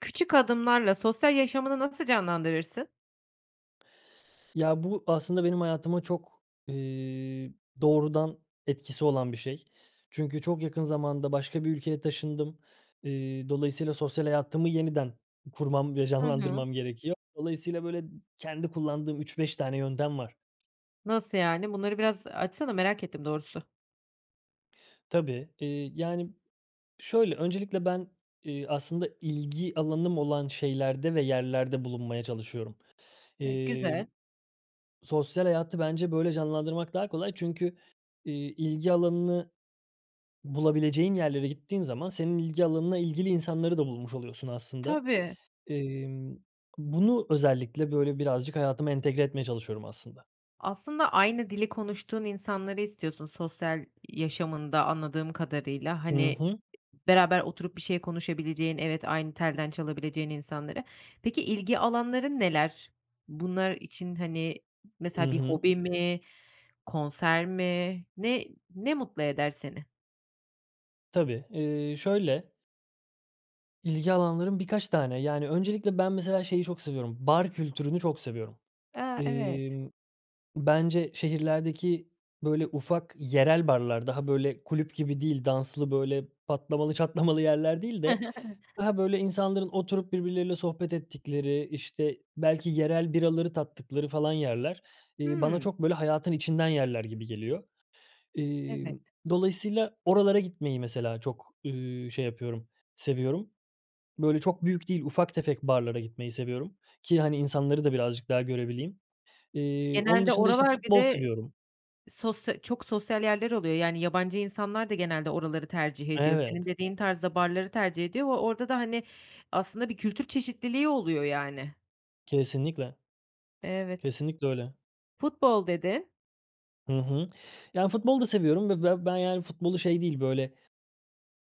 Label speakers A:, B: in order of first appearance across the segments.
A: Küçük adımlarla sosyal yaşamını nasıl canlandırırsın?
B: Ya, bu, aslında, benim hayatıma çok, eee, doğrudan etkisi olan bir şey. Çünkü çok yakın zamanda başka bir ülkeye taşındım. Eee, dolayısıyla, sosyal hayatımı yeniden kurmam ve
A: Hı hı.
B: canlandırmam gerekiyor. Dolayısıyla, böyle, ı kendi kullandığım 3-5 tane yöntem var.
A: Nasıl yani, bunları biraz, ııı, açsana, merak ettim doğrusu.
B: Tabii, eee, yani, şöyle, öncelikle ben, eee, aslında, ilgi alanım olan şeylerde ve yerlerde bulunmaya çalışıyorum.
A: E, güzel.
B: Emm, sosyal hayatı, bence, böyle, canlandırmak daha kolay çünkü, iii, ilgi alanını bulabileceğin yerlere gittiğin zaman senin ilgi alanına ilgili insanları da bulmuş oluyorsun, aslında.
A: Tabii.
B: Imm, bunu özellikle, böyle, birazcık hayatıma entegre etmeye çalışıyorum, aslında.
A: Aslında, aynı dili konuştuğun insanları istiyorsun, sosyal yaşamında anladığım kadarıyla.
B: Hı
A: Hani, i
B: hı.
A: beraber oturup bir şey konuşabileceğin, evet, aynı telden çalabileceğin insanları. Peki, ilgi alanların neler? Bunlar için, hani,
B: I
A: mesela, bir
B: hı.
A: hobi mi, konser mi, ne ne mutlu eder seni?
B: Tabii. Eee, şöyle ilgi alanlarım birkaç tane, yani, öncelikle ben, mesela, şeyi çok seviyorum, bar kültürünü çok seviyorum.
A: A, evet.
B: Emm, bence, şehirlerdeki, böyle, ufak yerel barlar daha, böyle, kulüp gibi değil, danslı, böyle, patlamalı, çatlamalı yerler değil de daha, böyle, insanların oturup birbirleriyle sohbet ettikleri, işte, belki yerel biraları tattıkları falan yerler, eee, bana
A: Hımm.
B: çok, böyle, hayatın içinden yerler gibi geliyor.
A: Evet.
B: Emm, dolayısıyla oralara gitmeyi mesela, çok, ııı, şey yapıyorum, seviyorum. Böyle, çok büyük değil, ufak tefek barlara gitmeyi seviyorum ki hani insanları da birazcık daha görebileyim. Eee, onun
A: Genelde
B: dışında, işte,
A: oralar bir
B: futbol
A: de
B: seviyorum.
A: sosya çok sosyal yerler oluyor. Yani, yabancı insanlar da genelde oraları tercih ediyor. Senin
B: Evet.
A: dediğin tarzda barları tercih ediyor ve orada da, hani, aslında, bir kültür çeşitliliği oluyor yani.
B: Kesinlikle.
A: Evet.
B: Kesinlikle öyle.
A: "Futbol" dedin.
B: Hı hı. Yani, futbol da seviyorum ve be ben, yani, futbolu şey değil, böyle,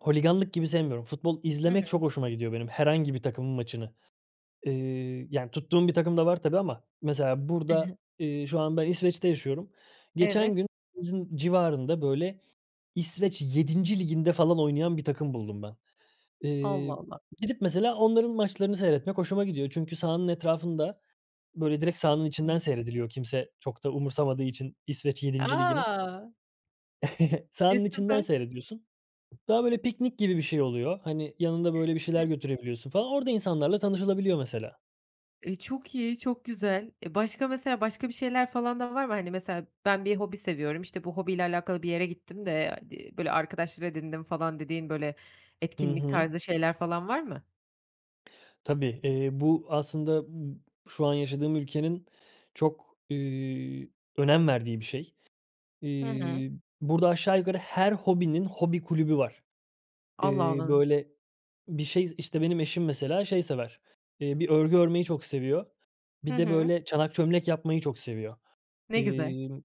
B: holiganlık gibi sevmiyorum. Futbol
A: Hı
B: izlemek
A: hı.
B: çok hoşuma gidiyor benim, herhangi bir takımın maçını. Eee, yani, tuttuğum bir takım da var tabii ama, mesela,
A: I hı.
B: burada, eee, şu an ben İsveç'te yaşıyorum. Geçen
A: Evet.
B: gün evimizin civarında, böyle, İsveç 7'nci Ligi'nde, falan, oynayan bir takım buldum ben.
A: Allah,
B: Eee,
A: Allah.
B: gidip, mesela, onların maçlarını seyretmek hoşuma gidiyor çünkü sahanın etrafında böyle, direkt sahanın içinden
A: [unintelligible]
B: seyrediliyor kimse çok da umursamadığı için İsveç 7'nci Ligi'ni.
A: A! E,
B: Sahanın içinden
A: süper.
B: seyrediyorsun. Daha, böyle, piknik gibi bir şey oluyor. Hani, yanında böyle bir şeyler götürebiliyorsun falan. Orada insanlarla tanışılabiliyor mesela.
A: E, çok iyi, çok güzel. E, başka mesela başka bir şeyler falan da var mı? Hani, mesela ben bir hobi seviyorum, işte, bu hobiyle alakalı bir yere gittim de, di böyle arkadaşlar edindim falan dediğin, böyle,
B: Hı
A: etkinlik
B: hı.
A: tarzı şeyler falan var mı?
B: Tabii. Eee, bu aslında b şu an yaşadığım ülkenin çok, üüü, önem verdiği bir şey.
A: Hı hı.
B: İii, burada aşağı yukarı her hobinin hobi kulübü var.
A: Allah
B: Eee,
A: Allah!
B: böyle, bir şey, işte, benim eşim mesela şey sever, eee, bir örgü örmeyi çok seviyor,
A: Hı
B: bir de,
A: hı.
B: böyle, çanak çömlek yapmayı çok seviyor.
A: Ne güzel.
B: İmm,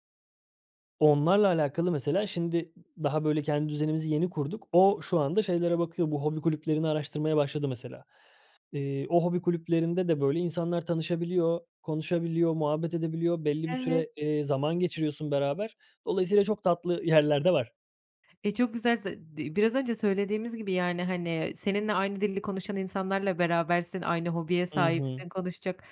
B: onlarla alakalı mesela, şimdi, daha böyle kendi düzenimizi yeni kurduk. O, şu anda şeylere bakıyor, bu hobi kulüplerini araştırmaya başladı mesela. Eee, o hobi kulüplerinde de böyle insanlar tanışabiliyor, konuşabiliyor, muhabbet edebiliyor, belli bir
A: Evet.
B: süre, eee, zaman geçiriyorsun beraber. Dolayısıyla çok tatlı yerler de var.
A: E, çok güzel. Ze di biraz önce söylediğimiz gibi, yani, hani, seninle aynı dili konuşan insanlarla berabersin, aynı hobiye
B: Hı hı.
A: sahipsin, konuşacak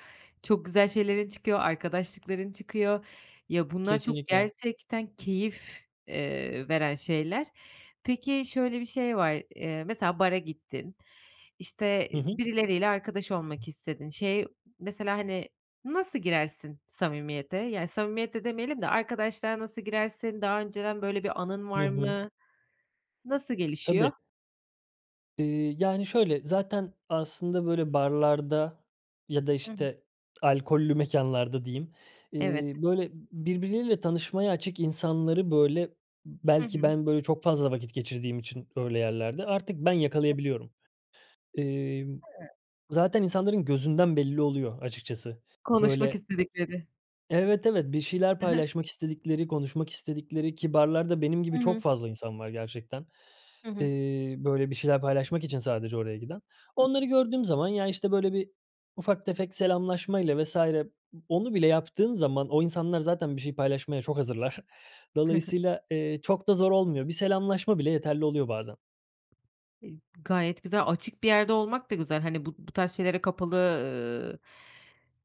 A: çok güzel şeylerin çıkıyor, arkadaşlıkların çıkıyor. Ya, bunlar çok
B: Kesinlikle.
A: gerçekten keyif, eee, veren şeyler. Peki, şöyle bir şey var, eee, mesela bara gittin, işte,
B: Hı hı.
A: birileriyle arkadaş olmak istedin. Şey, mesela, hani, nasıl girersin samimiyete? Yani, samimiyet de demeyelim de arkadaşlığa nasıl girersin, daha önceden böyle bir anın
B: Hı
A: var
B: hı.
A: mı, nasıl gelişiyor?
B: Tabii. Iıı, yani, şöyle, zaten, aslında, böyle barlarda ya da,
A: Hı hı.
B: işte, alkollü mekânlarda diyeyim,
A: Evet.
B: ııı, böyle b birbirleriyle tanışmaya açık insanları, böyle,
A: Hı
B: belki
A: hı.
B: ben, böyle, çok fazla vakit geçirdiğim için öyle yerlerde artık ben yakalayabiliyorum. Imm,
A: Hıı.
B: zaten insanların gözünden belli oluyor, açıkçası.
A: Konuşmak
B: Böyle
A: istedikleri.
B: Evet, evet. Bir şeyler
A: Hı hı.
B: paylaşmak istedikleri, konuşmak istedikleri ki barlarda benim gibi
A: Hı
B: çok
A: hı.
B: fazla insan var gerçekten.
A: Hı hı.
B: Iıı, böyle bir şeyler paylaşmak için sadece oraya giden. Onları gördüğüm zaman ya, işte, böyle bir ufak tefek selamlaşmayla vs. ı onu bile yaptığın zaman o insanlar zaten bir şey paylaşmaya çok hazırlar.
A: Hı hı.
B: Dolayısıyla, ııı, çok da zor olmuyor, bir selamlaşma bile yeterli oluyor bazen.
A: İ gayet güzel, açık bir yerde olmak da güzel, hani, bu bu tarz şeylere kapalı, ııı,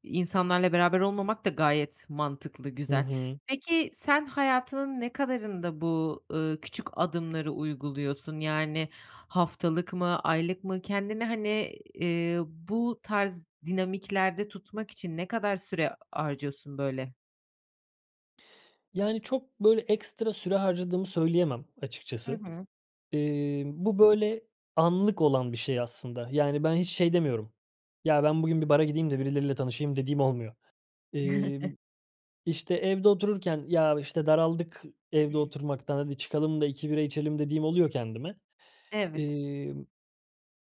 A: insanlarla beraber olmamak da gayet mantıklı,
B: Hı
A: güzel.
B: hı.
A: Peki, sen hayatının ne kadarında bu, ııı, küçük adımları uyguluyorsun? Yani, haftalık mı, aylık mı? Kendini, hani, ııı, bu tarz dinamiklerde tutmak için ne kadar süre harcıyorsun böyle?
B: Yani, çok, böyle, ekstra süre harcadığımı söyleyemem
A: Hı
B: açıkçası.
A: hı.
B: Emm, bu böyle, anlık olan bir şey aslında. Yani, ben hiç şey demiyorum. "Ya, ben bugün bir bara gideyim de birileriyle tanışayım." dediğim olmuyor. Emm, işte, evde otururken, "Ya, işte, daraldık evde oturmaktan, hadi çıkalım da 2 bira içelim." dediğim oluyor kendime.
A: Evet.
B: Emm,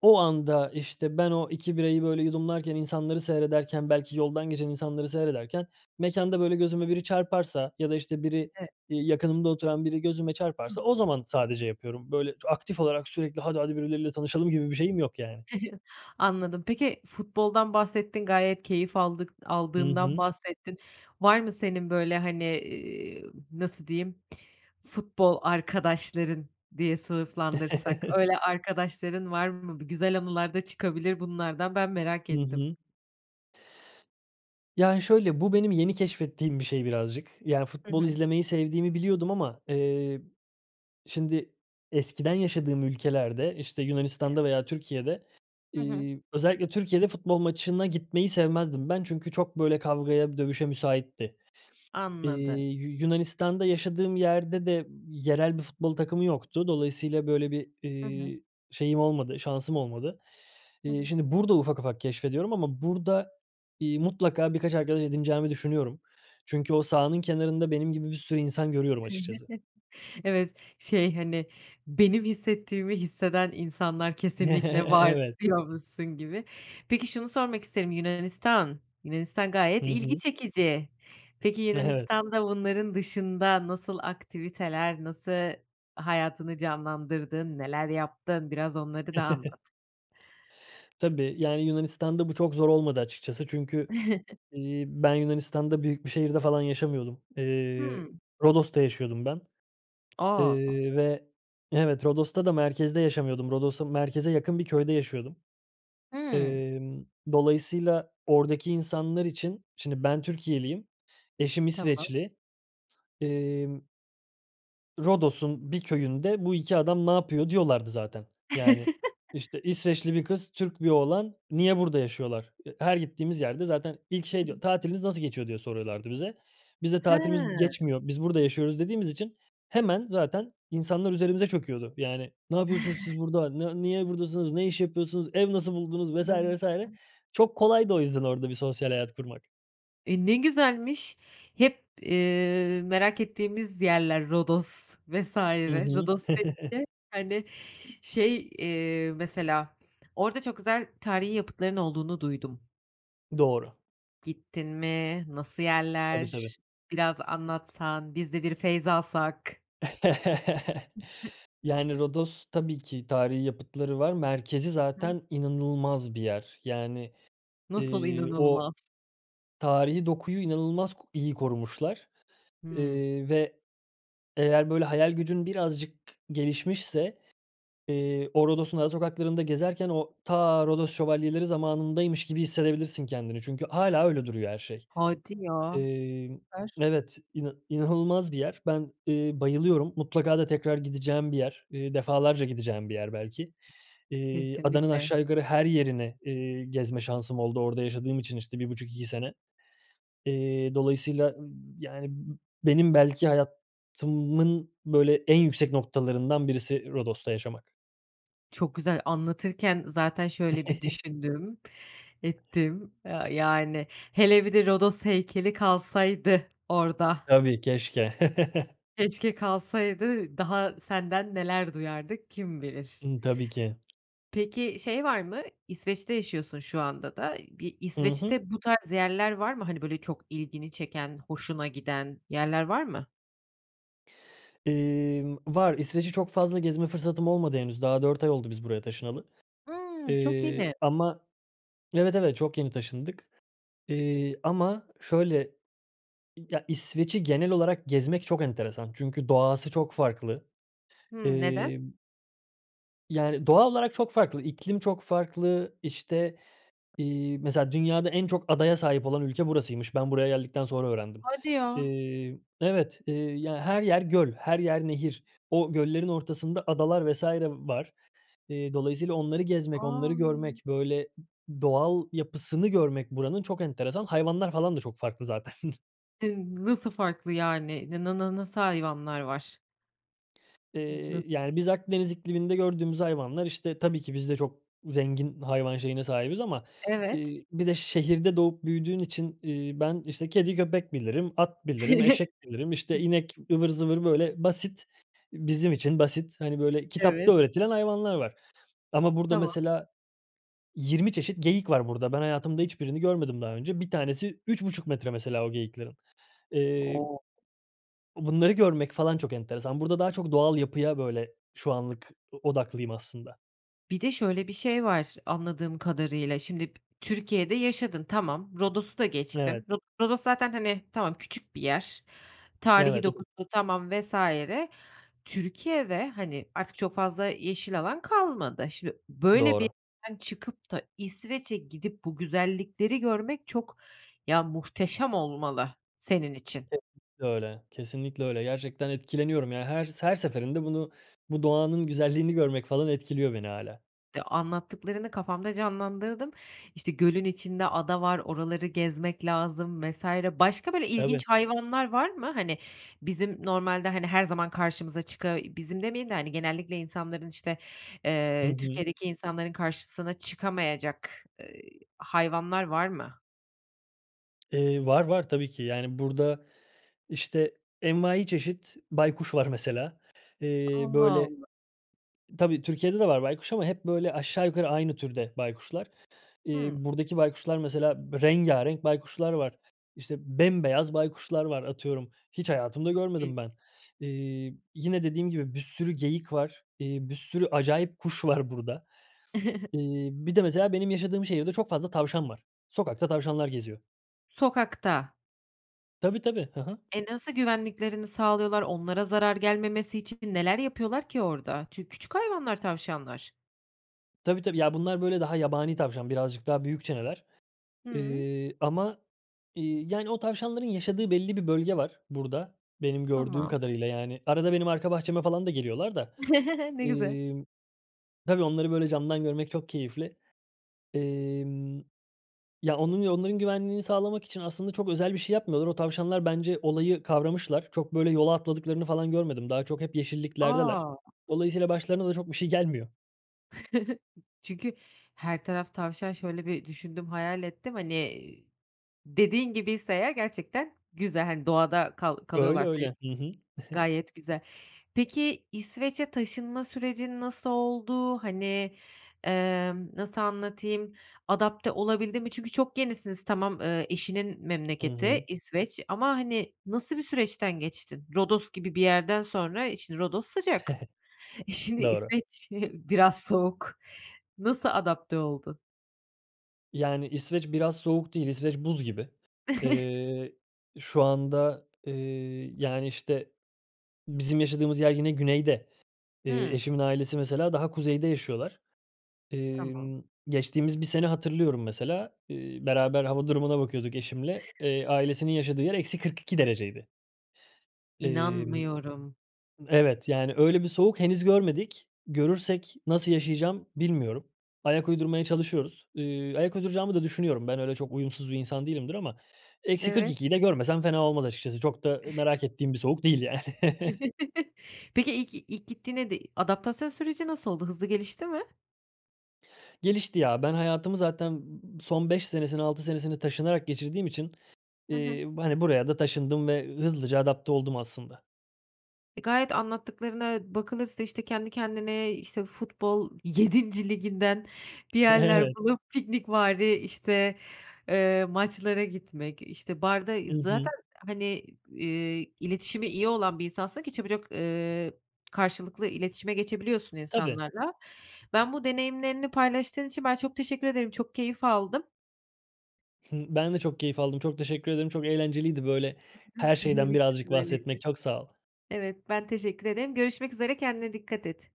B: o anda, işte, ben o 2 birayı, böyle, yudumlarken, insanları seyrederken, belki yoldan geçen insanları seyrederken mekânda, böyle, gözüme biri çarparsa ya da, işte, biri,
A: E
B: iii, yakınımda oturan biri gözüme
A: Hıh.
B: çarparsa o zaman sadece yapıyorum. Böyle ç aktif olarak sürekli, "Hadi, hadi! Birileriyle tanışalım." gibi bir şeyim yok, yani.
A: Anladım. Peki, futboldan bahsettin, gayet keyif aldık
B: Hı
A: aldığından
B: hı.
A: bahsettin. Var mı senin böyle, hani, eee, nasıl diyeyim, futbol arkadaşların diye sınıflandırsak? Öyle arkadaşların var mı? Bir güzel anılar da çıkabilir bunlardan, ben merak
B: Hı
A: ettim.
B: hı. Yani şöyle, bu benim yeni keşfettiğim bir şey birazcık, yani,
A: Hı
B: futbol
A: hı.
B: izlemeyi sevdiğimi biliyordum ama, eee, şimdi eskiden yaşadığım ülkelerde, işte, Yunanistan'da veya Türkiye'de,
A: Hı hı.
B: iii, özellikle Türkiye'de futbol maçına gitmeyi sevmezdim. Ben, çünkü çok böyle kavgaya dövüşe müsaitti.
A: Anladım.
B: İii, Yu Yunanistan'da yaşadığım yerde de yerel bir futbol takımı yoktu. Dolayısıyla böyle bir,
A: Hı hı.
B: eee, şeyim olmadı şansım olmadı.
A: Hı
B: Eee,
A: hı.
B: şimdi burada ufak ufak keşfediyorum ama burada, iii, mutlaka birkaç arkadaş edineceğimi düşünüyorum. Çünkü o sahanın kenarında benim gibi bir sürü insan görüyorum açıkçası.
A: Evet. Şey, hani, "Benim hissettiğimi hisseden insanlar kesinlikle var."
B: Evet.
A: diyormuşsun gibi. Peki, şunu sormak isterim, Yunanistan! Yunanistan
B: Hı
A: gayet ilgi
B: hı.
A: çekici. Peki,
B: Evet.
A: Yunanistan'da bunların dışında nasıl aktiviteler, nasıl hayatını canlandırdın, neler yaptın? Biraz onları da anlat.
B: Tabii. Yani, Yunanistan'da bu çok zor olmadı açıkçası. Çünkü, eee, ben, Yunanistan'da büyük bir şehirde falan yaşamıyordum. Eee,
A: Hıı.
B: Rodos'ta yaşıyordum ben.
A: A!
B: Eee, ve Evet, Rodos'ta da merkezde yaşamıyordum. Rodos'ta merkeze yakın bir köyde yaşıyordum.
A: Hıı.
B: Emm, dolayısıyla oradaki insanlar için Şimdi ben Türkiyeliyim, eşim
A: Tamam.
B: İsveçli, emm "Rodos'un bir köyünde bu 2 adam ne yapıyor?" diyorlardı zaten. Yani, işte, "İsveçli bir kız, Türk bir oğlan. Niye burada yaşıyorlar?" Eee, her gittiğimiz yerde zaten ilk şey diyor,
A: [unintelligible]
B: "Tatiliniz nasıl geçiyor?" diye soruyorlardı bize. Biz de
A: Ha.
B: "Tatilimiz geçmiyor, biz burada yaşıyoruz." dediğimiz için hemen zaten insanlar üzerimize çöküyordu, yani, "Ne yapıyorsunuz siz burada, ne niye buradasınız, ne iş yapıyorsunuz, ev nasıl buldunuz?" vs. vs.
A: [unintelligible]
B: Çok kolaydı o yüzden orada bir sosyal hayat kurmak.
A: E, ne güzelmiş. Hep, eee, merak ettiğimiz yerler Rodos vs.
B: Hı hı.
A: Rodos [unintelligible] hani, şey, eee, mesela, orada çok güzel tarihî yapıtların olduğunu duydum.
B: Doğru.
A: Gittin mi, nasıl
B: Tabii, tabii.
A: yerler? Biraz anlatsan, biz de bir feyzalsak. [unintelligible]
B: Yani, Rodos tabii ki tarihî yapıtları var, merkezi
A: [unintelligible]
B: zaten inanılmaz bir yer. Yani,
A: Nasıl
B: eee, o
A: inanılmaz?
B: tarihî dokuyu inanılmaz ko iyi korumuşlar,
A: Hımm.
B: eee, ve eğer, böyle, hayal gücün birazcık gelişmişse, eee, o Rodos'un ara sokaklarında gezerken o ta Rodos Şövalyeleri zamanındaymış gibi hissedebilirsin kendini çünkü hâlâ öyle duruyor her şey.
A: Hadi ya.
B: Eee
A: Süper.
B: Evet, ina inanılmaz bir yer. Ben, eee, bayılıyorum, mutlaka da tekrar gideceğim bir yer, eee, defalarca gideceğim bir yer belki. Eee, adanın
A: Kesinlikle.
B: aşağı yukarı her yerini, eee, gezme şansım oldu orada yaşadığım için, işte, 1,5-2 sene. Eee, dolayısıyla, ııı, yani, benim belki hayatımın, böyle, en yüksek noktalarından birisi Rodos'ta yaşamak.
A: Çok güzel. Anlatırken zaten şöyle bir düşündüm, ettim a yani. Hele bir de Rodos heykeli kalsaydı orada.
B: Tabii, keşke.
A: Keşke kalsaydı, daha senden neler duyardık kim bilir?
B: Imm, tabii ki.
A: Peki, şey var mı? İsveç'te yaşıyorsun şu anda da. Bir
B: Hı hı.
A: İsveç'te bu tarz yerler var mı, hani, böyle, çok ilgini çeken, hoşuna giden yerler var mı?
B: Emm, var. İsveç'i çok fazla gezme fırsatım olmadı henüz, daha 4 ay oldu biz buraya taşınalı.
A: Hıı, çok
B: Eee,
A: yeni.
B: ama Evet, evet çok yeni taşındık. Eee, ama şöyle, ya, İsveç'i genel olarak gezmek çok enteresan çünkü doğası çok farklı.
A: Hıı, neden?
B: Emm Yani, doğa olarak çok farklı, iklim çok farklı. İşte, iii, mesela dünyada en çok adaya sahip olan ülke burasıymış. Ben buraya geldikten sonra öğrendim.
A: Hadi ya!
B: Eee Evet. Eee, ya, her yer göl, her yer nehir. O göllerin ortasında adalar vs. var. Eee, dolayısıyla onları gezmek, onları
A: A!
B: görmek, böyle, doğal yapısını görmek buranın çok enteresan, hayvanlar falan da çok farklı zaten.
A: E, nasıl farklı, yani? Ne na na na nasıl hayvanlar var? [unintelligible] Nasıl?
B: Eee, yani, biz Akdeniz ikliminde gördüğümüz hayvanlar, işte, tabii ki biz de çok zengin hayvan şeyine sahibiz ama,
A: Evet.
B: eee, bir de şehirde doğup büyüdüğün için, iii, ben, işte, kedi, köpek bilirim, at bilirim, eşek bilirim, işte, inek ıvır zıvır, böyle, basit bizim için basit, hani, böyle
A: Evet.
B: kitapta öğretilen hayvanlar var. Ama burada
A: Tamam.
B: mesela 20 çeşit geyik var burada. Ben, hayatımda hiçbirini görmedim daha önce. 1 tanesi 3,5 metre mesela o geyiklerin. Eee
A: O!
B: bunları görmek falan çok enteresan. Burada daha çok doğal yapıya, böyle, şu anlık o odaklıyım aslında.
A: Bir de şöyle bir şey var anladığım kadarıyla, şimdi, Türkiye'de yaşadın, tamam. Rodos'u da
B: Evet.
A: geçtim. Rodos zaten, hani, tamam, küçük bir yer. Tarihî
B: Evet. O d
A: dokusu tamam vs. Türkiye'de, hani, artık çok fazla yeşil alan kalmadı. Şimdi, böyle bir
B: Doğru.
A: yerden çıkıp da İsveç'e gidip bu güzellikleri görmek çok ya, muhteşem olmalı senin için.
B: Kesinlikle öyle. Kesinlikle öyle. Gerçekten etkileniyorum. Yani, her s her seferinde bunu bu doğanın güzelliğini görmek falan etkiliyor beni hâlâ.
A: De anlattıklarını kafamda canlandırdım. İşte, gölün içinde ada var, oraları gezmek lazım vs. Başka, böyle, ilginç
B: Tabii.
A: hayvanlar var mı? Hani, bizim normalde, hani, her zaman karşımıza çıka bizim demeyelim de, hani, genellikle insanların, işte,
B: Hı
A: eee,
B: hı.
A: Türkiye'deki insanların karşısına çıkamayacak, eee, hayvanlar var mı?
B: Eee, var, var tabii ki. Yani, burada, işte, envaiçeşit baykuş var mesela. Eee,
A: Allah
B: böyle
A: Allah!
B: Tabii Türkiye'de de var baykuş ama hep, böyle, aşağı yukarı aynı türde baykuşlar. Eee,
A: Hımm.
B: buradaki baykuşlar mesela b rengârenk baykuşlar var. İşte, bembeyaz baykuşlar var atıyorum. Hiç hayatımda
A: Çok
B: görmedim ben.
A: ilginç.
B: Eee, yine dediğim gibi bir sürü geyik var, eee, bir sürü acayip kuş var burada. Eee, bir de mesela benim yaşadığım şehirde çok fazla tavşan var. Sokakta tavşanlar geziyor.
A: Sokakta?
B: Tabii, tabii. Hı hı.
A: E, nasıl güvenliklerini sağlıyorlar? Onlara zarar gelmemesi için neler yapıyorlar ki orada? Çünkü küçük hayvanlar tavşanlar.
B: Tabii, tabii. Ya, bunlar, böyle, daha yabani tavşan, birazcık daha büyükçeler.
A: Hıı.
B: Eee, ama, iii, yani, o tavşanların yaşadığı belli bir bölge var burada benim gördüğüm
A: Tamam.
B: kadarıyla, yani, arada benim arka bahçeme falan da geliyorlar da.
A: Ne güzel.
B: Emm, tabii, onları böyle camdan görmek çok keyifli. Emm, ya, onun ya onların güvenliğini sağlamak için aslında çok özel bir şey yapmıyorlar. O tavşanlar bence olayı kavramışlar, çok, böyle, yola atladıklarını falan görmedim. Daha çok hep yeşilliklerdeler.
A: A!
B: Dolayısıyla başlarına da çok bir şey gelmiyor.
A: Çünkü her taraf tavşan, şöyle bir düşündüm, hayal ettim, hani, dediğin gibiyse eğer gerçekten güzel, hani, doğada kal
B: Öyle,
A: kalıyorlarsa ü
B: öyle. Hı hı.
A: gayet güzel. Peki, İsveç'e taşınma sürecin nasıl oldu? Hani, emm, nasıl anlatayım, adapte olabildin mi? Çünkü çok yenisiniz tamam, eee, eşinin
B: Hı
A: memleketi
B: hı.
A: İsveç. Ama, hani, nasıl bir süreçten geçtin? Rodos gibi bir yerden sonra, eee, şimdi Rodos sıcak. E, şimdi
B: Doğru.
A: İsveç biraz soğuk. Nasıl adapte oldu?
B: Yani İsveç biraz soğuk değil. İsveç buz gibi. Eee, şu anda, eee, yani, işte, bizim yaşadığımız yer yine güneyde. Eee,
A: Hıı.
B: eşimin ailesi mesela daha kuzeyde yaşıyorlar.
A: Tamam.
B: Emm, geçtiğimiz bir sene hatırlıyorum mesela, ııı, beraber hava durumuna bakıyorduk eşimle. Eee, ailesinin yaşadığı yer -42 dereceydi. Emm
A: İnanmıyorum.
B: Evet, yani öyle bir soğuk henüz görmedik. Görürsek nasıl yaşayacağım bilmiyorum. Ayak uydurmaya çalışıyoruz. Iıı, ayak uyduracağımı da düşünüyorum. Ben öyle çok uyumsuz bir insan değilimdir ama eksi kırk
A: Evet.
B: iki de görmesem fena olmaz açıkçası. Çok da merak ettiğim bir soğuk değil yani.
A: Peki, ilk ilk gittiğinde de adaptasyon süreci nasıl oldu? Hızlı gelişti mi?
B: Gelişti ya. Ben hayatımı zaten son 5 senesini, 6 senesini taşınarak geçirdiğim için,
A: Hı hı.
B: iii, hani buraya da taşındım ve hızlıca adapte oldum aslında.
A: E, gayet anlattıklarına bakılırsa işte kendi kendine, işte futbol 7'nci liginden bir yerler
B: Evet.
A: bulup piknikvari, işte, eee, maçlara gitmek, işte barda
B: Hı hı.
A: Zaten hani, iii, iletişimi iyi olan bir insansın ki çabucak, ııı, karşılıklı iletişime geçebiliyorsun
B: Tabii.
A: insanlarla. Ben bu deneyimlerini paylaştığın için ben çok teşekkür ederim, çok keyif aldım.
B: Hıı, ben de çok keyif aldım. Çok teşekkür ederim. Çok eğlenceliydi böyle
A: [unintelligible]
B: her
A: Benim
B: şeyden
A: için
B: birazcık
A: de öyleydi.
B: bahsetmek. Çok sağ ol.
A: Evet, ben teşekkür ederim. Görüşmek üzere, kendine dikkat et.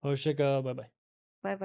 B: Hoşça kal, baybay.
A: Baybay.